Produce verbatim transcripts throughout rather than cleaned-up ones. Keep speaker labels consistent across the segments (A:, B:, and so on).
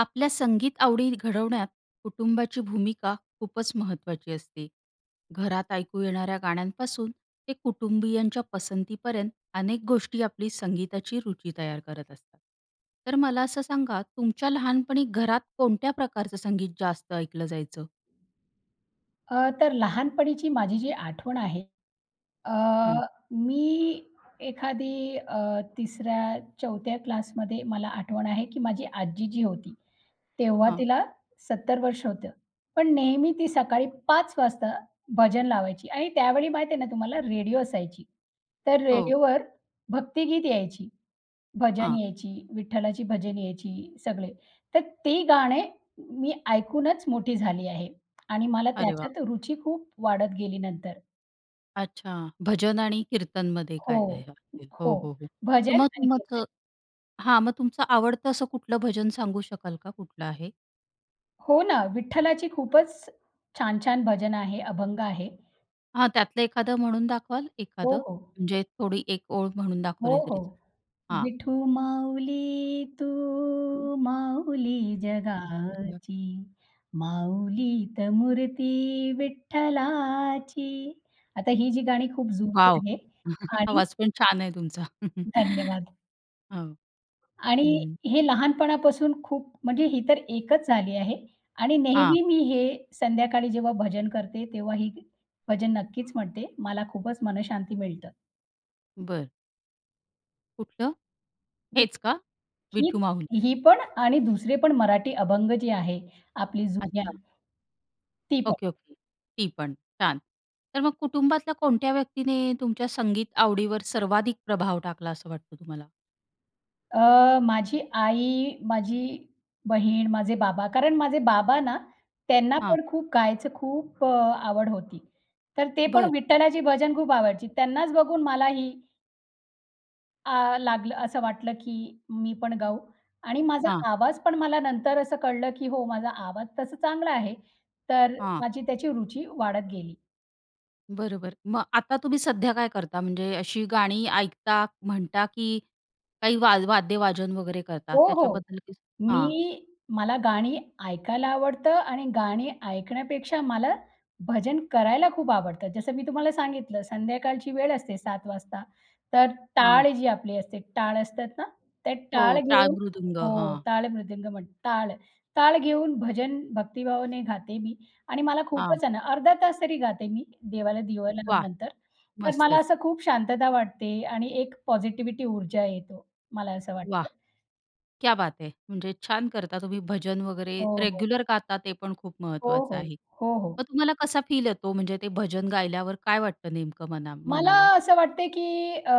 A: आपल्या संगीत आवडी घडवण्यात कुटुंबाची भूमिका खूपच महत्त्वाची असते. घरात ऐकू येणाऱ्या गाण्यांपासून ते कुटुंबीयांच्या पसंतीपर्यंत, अनेक गोष्टी आपली संगीताची रुची तयार करत असतात, तर मला असं सांगा तुमच्या लहानपणी घरात कोणत्या प्रकारचं संगीत जास्त ऐकलं जायचं?
B: अ, तर लहानपणीची माझी जी आठवण आहे अ,
A: हम्म.
B: मी एखादी अ, तिसऱ्या चौथ्या क्लासमध्ये मला आठवण आहे की माझी आजी जी होती, तेव्हा
A: हां.
B: तिला सत्तर वर्ष होतं, पण नेहमी ती सकाळी पाच वाजता भजन लावायची. आणि त्यावेळी माहिती आहे ना तुम्हाला रेडिओ असायची, तर
A: हो.
B: रेडिओवर भक्तिगीत यायची. भजन
A: हां.
B: यायची, विठ्ठलाची भजन यायची, सगळे. तर ती गाणे मी ऐकूनच मोठी झाली आहे आणि मला
A: अरे वाह!
B: त्याच्यात रुची खूप वाढत गेली नंतर.
A: अच्छा, भजन आणि कीर्तनमध्ये
B: हो.
A: काय राहीलं. [unintelligible] हो,
B: हो,
A: हो, हो. तर
B: भजन
A: मग तुम
B: आणि गीते.
A: तुमक हां, मग तुमचं आवडतं असं कुठलं भजन सांगू शकाल का कुठलं आहे?
B: हो ना विठ्ठलाची खूपच छान-छान भजन आहे, अभंग आहे.
A: हां त्यातलं एखादं म्हणून दाखवाल
B: हो,
A: एखादं?
B: हो.
A: म्हणजे थोडी एक ओळ म्हणून
B: हो,
A: दाखवली तरी चालेल.
B: हो.
A: हां.
B: "विठू माऊली तू
A: हं.
B: माऊली
A: [unintelligible]
B: जगाची, माऊलीत मूर्ती विठ्ठलाची." आता ही जी गाणी खूप
A: वॉव!
B: जुनी आहे आणि
A: आवाज पण छान आहे तुमचा.
B: धन्यवाद!
A: हो,
B: आणि
A: हं.
B: हे लहानपणापासून खूप म्हणजे ही तर एकच झाली आहे आणि
A: हां.
B: नेहमी मी हे संध्याकाळी जेव्हा भजन करते तेव्हा ही भजन नक्कीच म्हणते. मला खूपच मनःशांती मिळतं.
A: बरं. कुठलं? हेच का? विठू
B: ही
A: माऊली.
B: ही पण आणि दुसरे पण मराठी अभंग जे आहे आपली जुन्या
A: अच्छा.
B: ती पण.
A: Okay, okay. ती पण, छान. तर मग कुटुंबातल्या कोणत्या व्यक्तीने तुमच्या संगीत आवडीवर सर्वाधिक प्रभाव टाकला असं वाटतं तुम्हाला?
B: अ, माझी आई, माझी बहीण, माझे बाबा. कारण माझे बाबा ना त्यांना
A: हां.
B: पण खूप गायचं खूप अ, आवड होती. तर ते पण
A: बरं.
B: विठ्ठलाची भजन खूप आवडायची. त्यांनाच बघून मला ही अ, लागलं असं वाटलं, की मी पण गाऊ आणि माझा
A: हां.
B: आवाज पण मला नंतर असं कळलं, की हो माझा आवाज तसा चांगला आहे. तर
A: हां.
B: माझी त्याची रुची वाढत गेली.
A: बरोबर. मग आता तुम्ही सध्या काय करता? म्हणजे अशी गाणी ऐकता, म्हणता, की काही वा वाद्य वाजन वगैरे करतात?
B: हो, हो.
A: त्याच्याबद्दल काही हां.
B: मी मला गाणी ऐकायला आवडतं, आणि गाणी ऐकण्यापेक्षा मला भजन करायला खूप आवडतं. जसं मी तुम्हाला सांगितलं संध्याकाळची वेळ असते सात वाजता. तर टाळ
A: हां.
B: जी आपली असते, टाळ असतात ना, त्या
A: हो
B: टाळ
A: टाळ
B: घेऊन
A: मृदुंग.
B: हो.
A: हां.
B: टाळ मृदंग म्हणतात टाळ, टाळ घेऊन भजन भक्तिभावाने गाते मी. आणि मला
A: हां.
B: खूपच आहे ना, अर्धा तास तरी गाते मी देवाला दिवा
A: वाह!
B: लावल्यानंतर. तर मला
A: मस्तच.
B: असं खूप शांतता वाटते आणि एक पॉझिटिव्हिटी ऊर्जा येतो, मला असं
A: वाह!
B: वाटतं.
A: क्या बात है. म्हणजे छान करता तुम्ही भजन वगैरे,
B: हो, हो.
A: रेग्युलर गाता ते पण खूप
B: हो,
A: महत्त्वाचं
B: हो,
A: आहे.
B: हो, हो.
A: मग तुम्हाला कसा फील येतो? म्हणजे ते भजन गायल्यावर काय वाटतं नेमकं मना
B: मला
A: मनाला?
B: असं वाटतं आहे, की अ,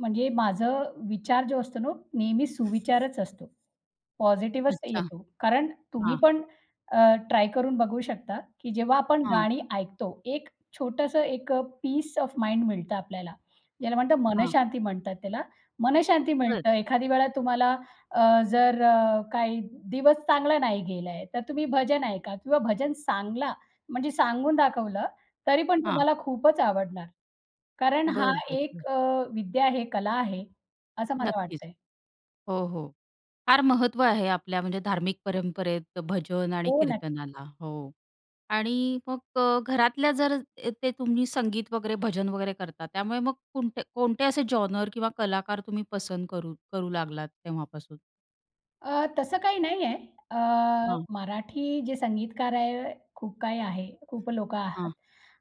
B: म्हणजे माझं विचार जो असतो नो नेहमी सुविचारच असतो. पॉझिटिव्हच
A: अच्छा.
B: येतो. कारण तुम्ही
A: हां.
B: पण, अ, ट्राय करून बघू शकता, की जेव्हा आपण
A: हां.
B: गाणी ऐकतो. एक छोटंसं एक पीस ओएफ माइंड मिळतं आपल्याला. ज्याला म्हणतात
A: हां.
B: मनःशांती म्हणतात त्याला. मनःशांती
A: बरं.
B: मिळतं. एखादी वेळा तुम्हाला अ, जर अ, काही दिवस चांगला नाही गेला आहे, तर तुम्ही भजन ऐका किंवा भजन सांगला म्हणजे सांगून दाखवलं तरी पण
A: हां.
B: तुम्हाला खूपच आवडणार. कारण हा
A: बरं, बरं,
B: एक
A: बरं.
B: अ, विद्या आहे, कला आहे, असं मला
A: नक्कीच.
B: वाटतं आहे.
A: हो, हो. फार महत्त्व आहे आपल्या म्हणजे धार्मिक परंपरेत भजन आणि
B: हो ना.
A: कीर्तनाला हो. आणि मग अ, घरातल्या जर येथे तुम्ही संगीत वगैरे भजन वगैरे करतात. त्यामुळे मग कुणते कोणते असे जॉनर किंवा कलाकार तुम्ही पसंत करू करू लागलात तेव्हापासून?
B: अ, तसं काही नाही आहे.अ,
A: हां.
B: मराठी जे संगीतकार आहे, खूप काही आहे, खूप लोकं आहात.
A: हां.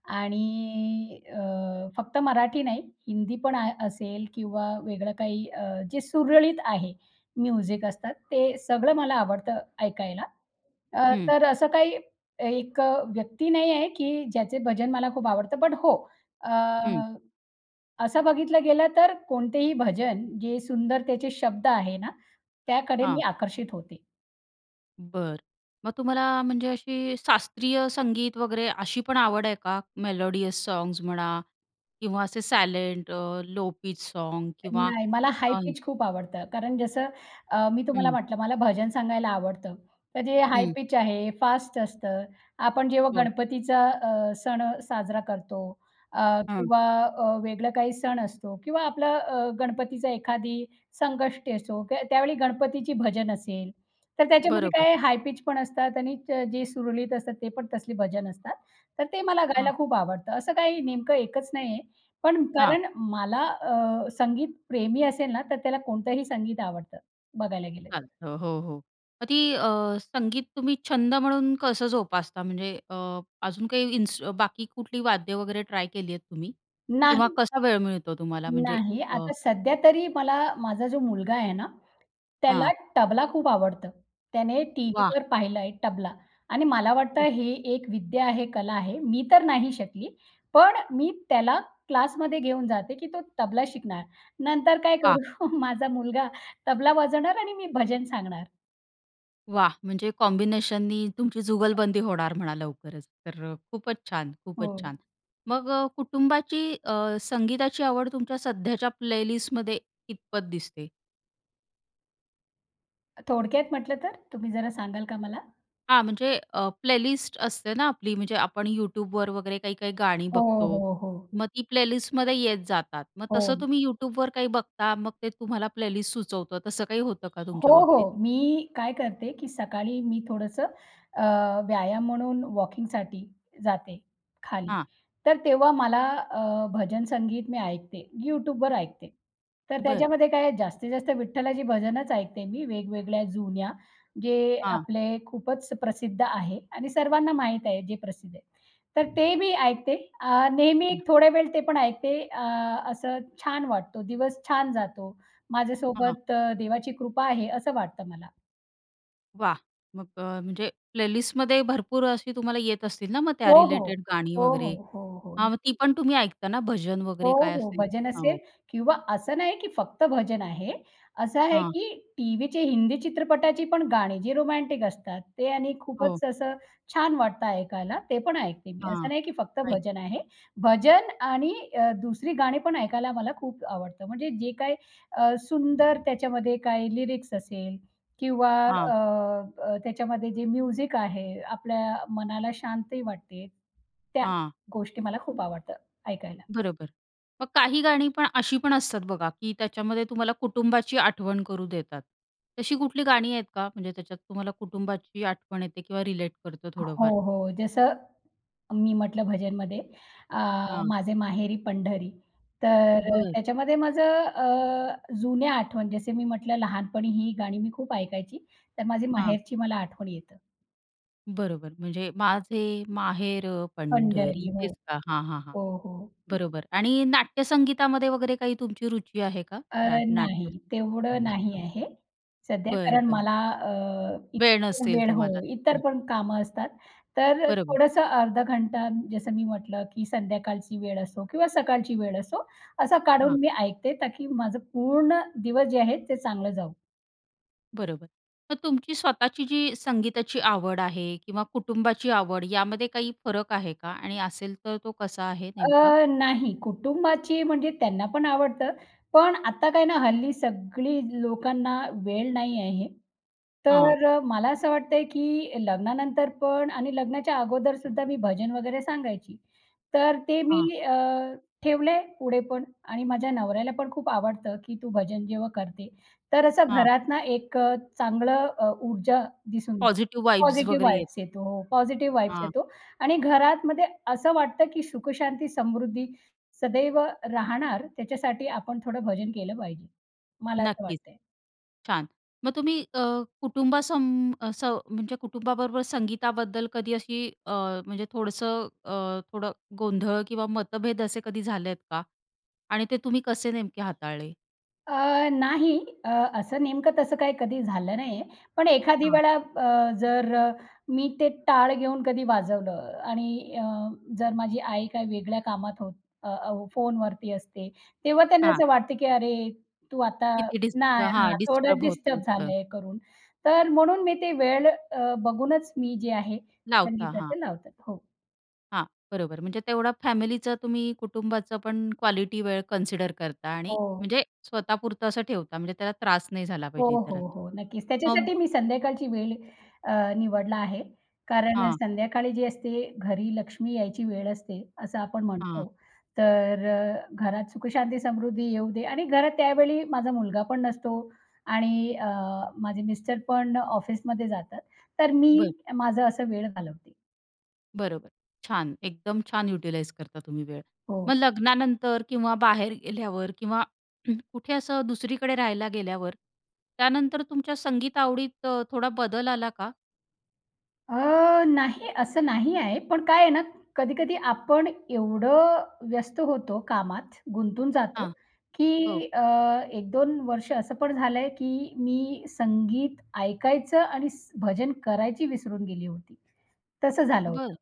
B: आणि अ, फक्त मराठी नाही, हिंदी पण आह असेल किंवा वेगळं काही अ, जे सुरळीत आहे म्युझिक असतात, ते सगळं मला आवडतं ऐकायला. अ,
A: हं.
B: तर असं काही एक अ, व्यक्ती नाही आहे की ज्याचे भजन मला खूप आवडतं. बट हो अ,
A: हं.
B: असं बघितलं गेलं तर कोणतेही भजन, जे सुंदरतेचे शब्द आहे ना, त्याकडे मी
A: हां.
B: आकर्षित होते.
A: बरं. मग तुम्हाला म्हणजे अशी शास्त्रीय संगीत वगैरे अशी पण आवड आहे का? मेलोडियस सॉंग्स म्हणा किंवा असे सायलेंट लो पीच सॉंग्स किंवा
B: नाही, मला हाई पिच खूप आवडतं, कारण जसं अ, मी तुम्हाला
A: हं.
B: म्हटलं, मला भजन सांगायला आवडतं. तर जे हाई
A: हं.
B: पिच आहे फास्ट असतं. आपण जेव्हा
A: हो.
B: गणपतीचा अ, सण साजरा करतो, अ,
A: हं.
B: किंवा अ, वेगळं काही सण असतो किंवा आपलं अ, गणपतीचं एखादी संकष्टी असो, त्या त्यावेळी गणपतीची भजन असेल, तर त्याच्यामध्ये
A: बरोबर.
B: काय हाई पिच पण असतात आणि जे सुरळीत असतात ते पण तसले भजन असतात. तर ते मला
A: हां.
B: गायला खूप आवडतं. असं काही नेमकं एकच नाही आहे. पण
A: हां.
B: कारण मला अ, संगीत प्रेमी असेल ना, तर त्याला कोणतंही संगीत आवडतं, बघायला गेलं तर.
A: चालतं. हो, हो. मग ती अ, संगीत तुम्ही छंद म्हणून कसं जोपासता? म्हणजे अ, अजून काही इन्सु बाकी कुठली वाद्य वगैरे ट्राय केली आहेत तुम्ही? किंवा
B: नाही.
A: कसा वेळ मिळतो तुम्हाला? म्हणजे
B: नाही,
A: अ
B: आता सध्या तरी मला माझा जो मुलगा आहे ना, त्याला
A: हां.
B: टबला खूप आवडतं. त्याने
A: वाह!
B: टीव्हीवर पाहिलं आहे टबला. आणि मला वाटतं
A: हं.
B: हे एक विद्या आहे, कला आहे. मी तर नाही शिकली. पण मी त्याला क्लासमध्ये घेऊन जाते की तो तबला शिकणार. नंतर काय
A: वाह!
B: करू? माझा मुलगा तबला वाजवणार आणि मी भजन सांगणार.
A: वाह! म्हणजे कॉम्बिनेशननी तुमची जुगलबंदी होणार म्हणा लवकरच. तर खूपच छान, खूपच
B: हो.
A: छान. मग अ, कुटुंबाची अ, संगीताची आवड तुमच्या सध्याच्या प्लेलिस्टमध्ये कीतपत दिसते?
B: थोडक्यात म्हटलं तर, तुम्ही जरा सांगाल का मला?
A: हां. म्हणजे अ, प्लेलिस्ट असते ना, आपली म्हणजे आपण YouTubeवर वगैरे काही-काही गाणी
B: हो,
A: बघतो.
B: हो, हो.
A: मग ती प्लेलिस्टमध्ये येत जातात. मग तसं
B: हो.
A: तुम्ही YouTubeवर काही बघता? मग ते तुम्हाला प्लेलिस्ट सुचवतं, तसं काही होतं का
B: हो,
A: तुमच्या बाबतीत?
B: हो. मी काय करते, की सकाळी मी थोडंसं अ, व्यायाम म्हणून वॉकिंगसाठी जाते खाली.
A: हां.
B: तर तेव्हा मला अ, भजन संगीत मी ऐकते, YouTubeवर ऐकते. तर
A: बरं.
B: त्याच्यामध्ये काय आहे, जास्तीत-जास्त विठ्ठलाची भजनंच ऐकते मी, वेगवेगळ्या जुन्या, जे
A: हां.
B: आपले खूपच प्रसिद्ध आहे आणि सर्वांना माहीत आहे, जे प्रसिद्ध आहेत. तर ते मी ऐकते. अ, नेहमी
A: हं.
B: थोडा वेळ ते पण ऐकते, अ, असं छान वाटतं, दिवस छान जातो.
A: हां.
B: माझ्यासोबत देवाची कृपा आहे, असं वाटतं मला.
A: वाह! मग अ, म्हणजे प्लेलिस्टमध्ये भरपूर अशी तुम्हाला येत असतील ना, मग
B: हो,
A: त्या
B: हो,
A: रिलेटेड गाणी
B: हो, हो,
A: वगैरे.
B: हो, हो.
A: हां. मग ती
B: [unintelligible]
A: पण तुम्ही ऐकता ना, भजन
B: हो,
A: वगैरे काय
B: हो.
A: असेल?
B: भजन असेल
A: हो.
B: किंवा असं नाही, की फक्त भजन आहे. असं आहे,
A: हां.
B: की टीव्हीचे हिंदी चित्रपटाची पण गाणी, जी रोमँटिक असतात ते आणि
A: हो.
B: खूपच असं छान वाटतं ऐकायला, ते पण ऐकते मी. असं
A: हां.
B: नाही, की फक्त
A: ऐक
B: भजन आहे. भजन आणि अ, दुसरी गाणी पण ऐकायला मला खूप आवडतं. म्हणजे जे काही अ, सुंदर त्याच्यामध्ये काही लिरिक्स असेल किंवा
A: हां.
B: अ, अ, त्याच्यामध्ये जे म्युझिक आहे, आपल्या मनाला शांतही वाटतं, त्या,
A: हां.
B: गोष्टी मला खूप आवडतं ऐकायला.
A: बरोबर. मग काही गाणी पण अशी पण असतात बघा, की त्याच्यामध्ये तुम्हाला कुटुंबाची आठवण करू देतात. तशी कुठली गाणी आहेत का? म्हणजे त्याच्यात तुम्हाला कुटुंबाची आठवण येते किंवा रिलेट करतं थोडंफार?
B: हो, हो. जसं मी म्हटलं भजनमध्ये अ,
A: हां.
B: माझे माहेरी पंढरी. तर अ,
A: बरं.
B: त्याच्यामध्ये माझं अ, जुन्या आठवण जसं मी म्हटलं लहानपणी ही गाणी मी खूप ऐकायची तर माझी
A: हां.
B: माहेरची मला आठवण येतं.
A: बरोबर. म्हणजे माझे माहेर पंढरी
B: पंढरी. हो.
A: तेच का? हां, हां, हां,
B: हो, हो.
A: बरोबर आणि नाट्यसंगीतामध्ये वगैरे काही तुमची रुची आहे का?
B: अर्
A: रा
B: नाही,
A: नाट्य,
B: तेवढं नाही
A: अच्छा.
B: आहे सध्या,
A: बरं,
B: कारण
A: बरं.
B: मला अ,
A: वेळ
B: इतर
A: नसेल
B: वेळ हो
A: तुम्हाला.
B: इतर
A: हं
B: पण कामं असतात. तर
A: बरोबर.
B: थोडंसं अर्धा घंटा जसं मी म्हटलं की संध्याकाळची वेळ असो किंवा सकाळची वेळ असो असं
A: हां.
B: काढून मी ऐकते ता की माझं पूर्ण दिवस जे आहेत ते चांगलं जाऊ.
A: बरोबर. मग तुमची स्वतःची जी संगीताची आवड आहे किंवा कुटुंबाची आवड यामध्ये काही फरक आहे का? आणि असेल तर तो कसा आहे नेमका?
B: अ, नाही कुटुंबाची म्हणजे त्यांना पण आवडतं. पण, आता काय ना हल्ली सगळी लोकांना वेळ नाही आहे.
A: हां.
B: तर मला असं वाटत आहे, की लग्नानंतर पण आणि लग्नाच्या अगोदरसुद्धा मी भजन वगैरे सांगायची. तर ते मी
A: हां.
B: अ, ठेवलं आहे पुढे पण आणि माझ्या नवऱ्याला पण खूप आवडतं, की "तू भजन जेव्हा करते तर असं
A: हां.
B: घरात ना एक अ, चांगलं अ, ऊर्जा दिसून,
A: पॉझिटिव्ह व्हाइब्स
B: पॉझिटिव्ह
A: वगैरे
B: व्हाइब्ज
A: येतात.
B: येतो. पॉझिटिव्ह व्हाइब्ज
A: हां.
B: येतो." आणि घरातमध्ये असं वाटतं की सुखशांती, समृद्धी सदैव राहणार त्याच्यासाठी आपण थोडं भजन केलं पाहिजे, मला असं
A: नक्कीच.
B: वाटतं.
A: छान. मग अ, तुम्ही अ, कुटुंबासं असं म्हणजे कुटुंबाबरोबर संगीताबद्दल कधी अशी अ, म्हणजे थोडंसं अ, थोडं गोंधळ किंवा मतभेद असे कधी झालेत का? आणि ते तुम्ही कसे नेमके हाताळले?
B: अ, नाही. अ, असं नेमकं तसं काही कधी झालं नाही आहे. पण एखादी
A: हां.
B: वेळा अ, जर मी ते, टाळ घेऊन कधी वाजवलं आणि अ, जर माझी आई काय वेगळ्या कामात होत अ, हो फोनवरती असते, तेव्हा त्यांना
A: हां.
B: असं वाटतं, की अरे! तू आता
A: किती डिस्ट
B: नाही, हां,
A: हां.
B: थोडं
A: डिस्टर्ब
B: डिस्टर्ब
A: होतंय थोडं.
B: झालंय करून. तर म्हणून मी ते वेळ अ, बघूनच मी जे आहे,
A: लावता हां.
B: संगीताच लाव हो.
A: हां, बरोबर. म्हणजे तेवढा फॅमिलीचं, तुम्ही कुटुंबाचं पण क्वालिटी वेळ कन्सिडर करता आणि
B: हो.
A: म्हणजे स्वतःपुरतं असं ठेवता, म्हणजे त्याला त्रास नाही झाला
B: हो,
A: पाहिजे
B: हो,
A: इतरांना.
B: हो, नक्कीच.
A: हां
B: त्याच्यासाठी मी संध्याकाळची वेळ अ, निवडला आहे. कारण
A: हां.
B: संध्याकाळी जे असते, घरी लक्ष्मी यायची वेळ असते असं आपण
A: हां.
B: म्हणतो. तर अ, घरात सुखशांती, समृद्धी येऊ दे आणि घरात त्यावेळी माझा मुलगा पण नसतो आणि अ, माझे मिस्टर पण अ, ऑफिसमध्ये जातात. तर मी
A: बरं.
B: माझं असं वेळ घालवते.
A: बरोबर. छान एकदम छान युटिलाइझ करता तुम्ही वेळ.
B: हो.
A: मग लग्नानंतर किंवा बाहेर गेल्यावर किंवा कुठे असं दुसरीकडे राहायला गेल्यावर, त्यानंतर तुमच्या संगीत आवडीत अ, थोडा बदल आला का?
B: अ, नाही, असं नाही आहे. पण काय आहे ना कधी-कधी आपण एवढं व्यस्त होतो कामात, गुंतून जातो
A: हां. हो.
B: की अ, एक-दोन वर्ष असं पण झालंय, की मी संगीत ऐकायचं आणि स् भजन करायची विसरून गेली होती, तसं झालं
A: बरं.
B: होतं.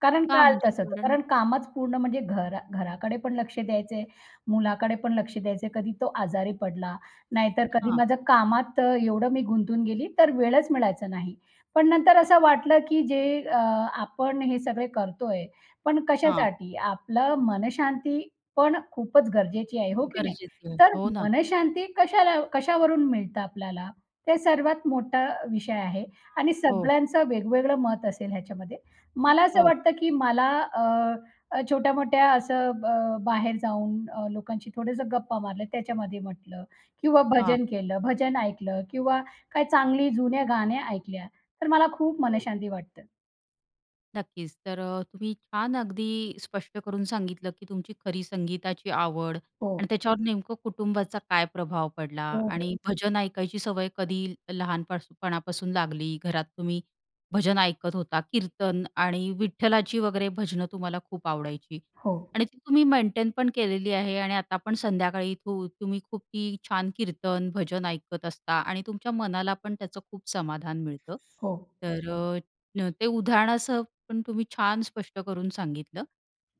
B: कारण
A: का
B: काळ
A: म्हणजे
B: तसंच आहे. तर
A: [unintelligible]
B: कारण कामच पूर्ण म्हणजे घरा घराकडे पण लक्ष द्यायचंय, मुलाकडे पण लक्ष द्यायचं आहे. कधी तो आजारी पडला, नाहीतर कधी
A: हां.
B: माझं कामात एवढं मी गुंतून गेली तर वेळच मिळायचा नाही. पण नंतर असं वाटलं, की जे अ, आपण हे सगळे करतोय, पण
A: हां.
B: कशासाठी? आपलं मनःशांती पण खूपच गरजेची आहे. हो की नाही?
A: गरजेचं आहे.
B: तर
A: हो ना.
B: मनःशांती कशाला कशावरून मिळतं आपल्याला? ते सर्वात मोठा विषय आहे. आणि
A: हो.
B: सगळ्यांचं वेगवेगळं मत असेल ह्याच्यामध्ये. मला असं
A: हो.
B: वाटतं की मला अ, छोट्या-मोठ्या असं अ, बाहेर जाऊन अ, लोकांशी थोडंसं गप्पा मारल्या त्याच्यामध्ये म्हटलं किंवा
A: हां.
B: भजन केलं, भजन ऐकलं किंवा काही चांगली जुन्या गाण्या ऐकल्या तर मला खूप
A: हं.
B: मनःशांती वाटतं.
A: नक्कीच तर अ, तुम्ही छान अगदी स्पष्ट करून सांगितलं की तुमची खरी संगीताची आवड
B: हो.
A: आणि त्याच्यावर नेमकं कुटुंबाचा काय प्रभाव पडला
B: हो, हो.
A: आणि भजन ऐकायची सवय कधी लहानपणापासून लागली. घरात तुम्ही भजन ऐकत होता, कीर्तन आणि विठ्ठलाची वगैरे भजनं तुम्हाला खूप आवडायची
B: हो.
A: आणि तुम्ही मेंटेनपण केलेली आहे. आणि आता पण संध्याकाळी तू तुम्ही खूप छान कीर्तन, भजन ऐकत असता आणि तुमच्या मनाला पण त्याचं खूप समाधान मिळतं.
B: हो.
A: तर ते उदाहरणासह पण तुम्ही छान स्पष्ट करून सांगितलं.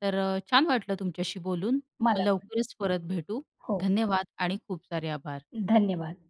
A: तर छान वाटलं तुमच्याशी बोलून
B: मला पण.
A: लवकरच परत भेटू.
B: हो.
A: धन्यवाद आणि खूप सारे आभार.
B: धन्यवाद.